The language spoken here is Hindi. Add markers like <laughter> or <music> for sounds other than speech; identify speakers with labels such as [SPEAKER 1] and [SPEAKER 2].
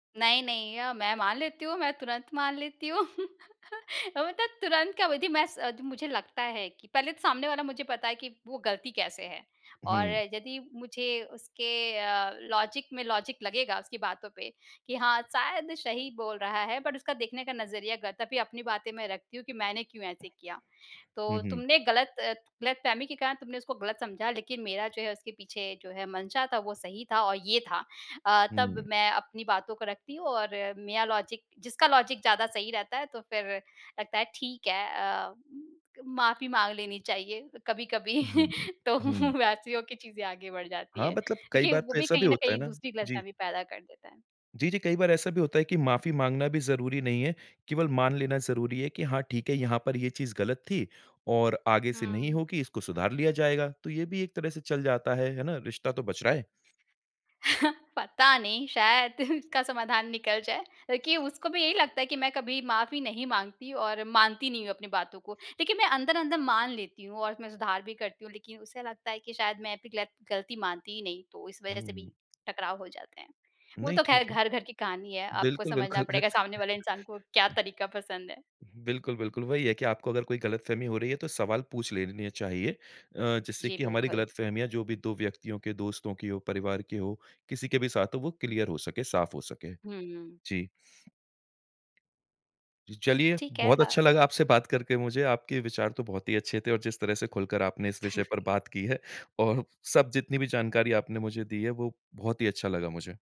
[SPEAKER 1] नहीं, नहीं। अ, मैं मान लेती हूँ, मैं तुरंत मान लेती हूँ। <chuckles> अ, मतलब तुरंत का वही थी मैस मुझे लगता है कि पहले तो सामने वाला मुझे पता है कि, वो गलती कैसे है? और
[SPEAKER 2] हुँ।
[SPEAKER 1] यदि मुझे उसके अ, लॉजिक में लॉजिक लगेगा, उसकी बातों पे कि हाँ, शायद सही बोल रहा है बट उसका देखने का नज़रिया गलत है, तभी अपनी बातें मैं रखती हूँ कि मैंने क्यों ऐसे किया।
[SPEAKER 2] हुँ,
[SPEAKER 1] तो
[SPEAKER 2] हुँ।
[SPEAKER 1] तुमने गलत अ, गलतफ़हमी के कारण तुमने उसको गलत समझा लेकिन मेरा जो है उसके पीछे जो है मंशा था, वो सही था, और ये था अ,
[SPEAKER 2] हुँ।
[SPEAKER 1] तब मैं अपनी बातों को रखती हूँ और मेरा लॉजिक जिसका लॉजिक ज़्यादा सही रहता है तो फिर लगता है ठीक है, अ, माफ़ी माँग लेनी चाहिए कभी-कभी,
[SPEAKER 2] उहुँ, हुँ।
[SPEAKER 1] <chuckles> तो
[SPEAKER 2] हुँ।
[SPEAKER 1] वैसी हो के चीज़ें आगे बढ़ जाती
[SPEAKER 2] हाँ,
[SPEAKER 1] है।
[SPEAKER 2] मतलब कई
[SPEAKER 1] देखिए
[SPEAKER 2] बार
[SPEAKER 1] वो
[SPEAKER 2] तो
[SPEAKER 1] भी
[SPEAKER 2] ऐसा भी
[SPEAKER 1] कहीं न
[SPEAKER 2] होता है
[SPEAKER 1] कहीं
[SPEAKER 2] ना
[SPEAKER 1] दूसरी
[SPEAKER 2] जी।
[SPEAKER 1] गलतफ़हमी पैदा कर देता है।
[SPEAKER 2] जी, जी। कई बार ऐसा भी होता है कि माफ़ी माँगना भी ज़रूरी नहीं है, केवल मान लेना ज़रूरी है कि हाँ, ठीक है यहाँ पर ये चीज़ गलत थी और आगे से नहीं
[SPEAKER 1] हुँ।
[SPEAKER 2] होगी, इसको सुधार लिया जाएगा। तो ये भी एक तरह से चल जाता है, है ना? रिश्ता तो बच रहा है।
[SPEAKER 1] <chuckles> पता नहीं, शायद इसका समाधान निकल जाए लेकि उसको भी यही लगता है कि मैं कभी माफ़ी नहीं माँगती और मानती नहीं हूँ अपनी बातों को। लेकिन मैं अंदर-अंदर मान लेती हूँ और मैं सुधार भी करती हूँ, लेकिन उसे लगता है कि शायद मैं अप गिलत गलती मानती ही नहीं, तो इस वज़ह
[SPEAKER 2] हुँ,
[SPEAKER 1] से भी
[SPEAKER 2] हुँ।
[SPEAKER 1] टकराव हो जाते हैं। वो
[SPEAKER 2] नहीं,
[SPEAKER 1] तो खैर
[SPEAKER 2] ठीक है।
[SPEAKER 1] घर-घर की कहानी है, आपको
[SPEAKER 2] बिल्कुल,
[SPEAKER 1] समझना
[SPEAKER 2] बिल्कुल।
[SPEAKER 1] पड़ेगा सामने वाले इंसान को क्या
[SPEAKER 2] <chuckles>
[SPEAKER 1] तरीका पसंद है?
[SPEAKER 2] बिल्कुल, बिल्कुल। वही है कि आपको अगर कोई गलतफ़हमी हो रही है तो सवाल पूछ लेने चाहिए। अ, जिससे
[SPEAKER 1] जी
[SPEAKER 2] कि हमारी
[SPEAKER 1] बिल्कुल।
[SPEAKER 2] गलतफ़हमियाँ जो भी 2 व्यक्तियों के दोस्तों की हो, परिवार की हो, किसी के भी साथ हो वो क्लियर हो सके, साफ़ हो सके।
[SPEAKER 1] हुँ।
[SPEAKER 2] जी। जी चलिए
[SPEAKER 1] ठीक है।
[SPEAKER 2] बहुत
[SPEAKER 1] अ
[SPEAKER 2] अच्छा लगा आपसे बात करके मुझे। आपके विचार तो बहुत ही अच्छे थे और जिस तरह से खुलकर आपने इस विषय पर
[SPEAKER 1] <chuckles>
[SPEAKER 2] बात की है। और सब जितनी भी जानकारी आपने मुझे दी है, वो बहुत ही अच्छा लगा मुझे।